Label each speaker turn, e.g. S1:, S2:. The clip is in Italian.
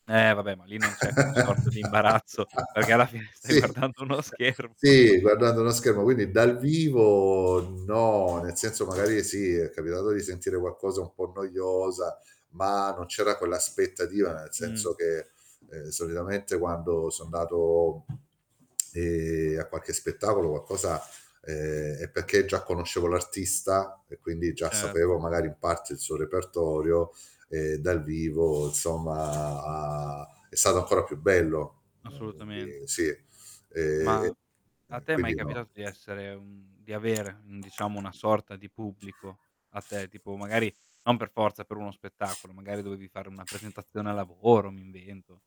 S1: Eh, vabbè, ma lì non c'è quella sorta di imbarazzo perché alla fine stai
S2: Sì,
S1: guardando uno schermo.
S2: sì, guardando uno schermo, quindi dal vivo no, nel senso magari, sì, è capitato di sentire qualcosa un po' noiosa ma non c'era quell'aspettativa nel senso
S1: Mhmm.
S2: che, ehm, solitamente quando so 'ndato, ehm, a qualche spettacolo qualcosa ehm, è perché già conoscevo l'artista e quindi già
S1: Cert
S2: sapevo magari in parte il suo repertorio, ehm, dal vivo insomma ha è stato ancora più bello, mhmm, quindi
S1: Assolutamente.
S2: sì. Ehm,
S1: Mah, a
S2: e
S1: te è mai
S2: quindi no
S1: capitato di essere mhmm, di avere, un diciamo una sorta di pubblico a te? Tipo magari non per forza per uno spettacolo, magari dovevi fare una presentazione al lavoro, mi invento.